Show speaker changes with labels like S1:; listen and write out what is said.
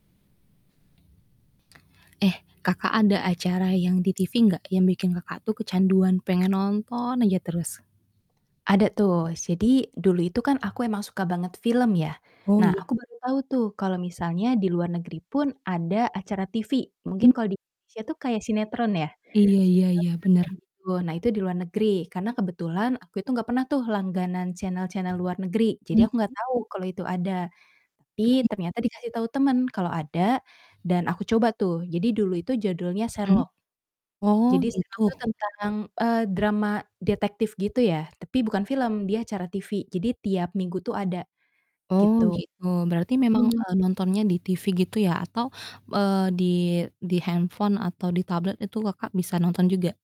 S1: Eh, Kakak ada acara yang di TV gak, yang bikin Kakak tuh kecanduan pengen nonton aja terus?
S2: Ada tuh. Jadi, dulu itu kan aku emang suka banget film ya.
S1: Oh
S2: Nah,
S1: iya?
S2: aku baru tahu tuh, kalau misalnya di luar negeri pun ada acara TV, mungkin
S1: M
S2: kalau di Indonesia tuh kayak sinetron ya,
S1: Iya iya
S2: sekedar
S1: iya.
S2: sinetron,
S1: Bener.
S2: gitu. Nah, itu di luar negeri, karena kebetulan aku itu gak pernah tuh langganan channel-channel luar negeri, jadi aku
S1: Mhm.
S2: gak tahu kalau itu ada. Tapi,
S1: Baik.
S2: ternyata dikasih tahu temen kalo ada, dan aku coba tuh, jadi dulu itu judulnya
S1: Mhm?
S2: Sherlock.
S1: Oh
S2: Jadi
S1: gitu.
S2: Sherlock tuh tentang, eee, drama detektif gitu ya, tapi bukan film, dia acara TV, jadi tiap minggu tuh ada,
S1: Oh
S2: gitu.
S1: gitu. Berarti memang,
S2: Mhm.
S1: eee, nontonnya di TV gitu ya atau, eee, di di handphone atau di tablet itu Kakak, bisa nonton juga?